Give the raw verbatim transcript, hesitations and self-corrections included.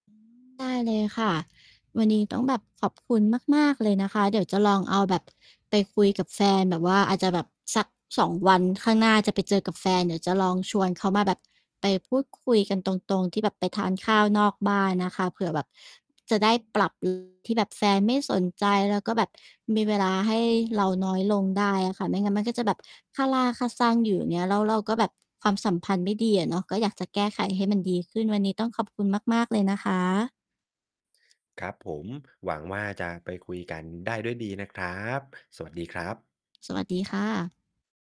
อืม ได้เลยค่ะ วันนี้ต้องแบบขอบคุณมาก ๆ เลยนะคะ เดี๋ยวจะลองเอาแบบไปคุยกับแฟนแบบว่า อาจจะแบบสัก สอง วันข้างหน้าจะไปเจอกับแฟน เดี๋ยวจะลองชวนเขามาแบบไปพูดคุยกันตรง ๆ ที่แบบไปทานข้าวนอกบ้านนะคะ เผื่อแบบจะได้ ปรับ [unintelligible] ที่แบบแฟนไม่สนใจ แล้วก็แบบมีเวลาให้เราน้อยลงได้อะค่ะ ไม่งั้นมันก็จะแบบคาราคาซังอยู่ อย่างเงี้ย แล้วเราก็แบบความสัมพันธ์ไม่ดีอะเนาะ ก็อยากจะแก้ไขให้มันดีขึ้น วันนี้ต้องขอบคุณมาก ๆ เลยนะคะ ครับผม หวังว่าจะไปคุย กัน ได้ด้วยดีนะครับ สวัสดีครับ สวัสดีค่ะ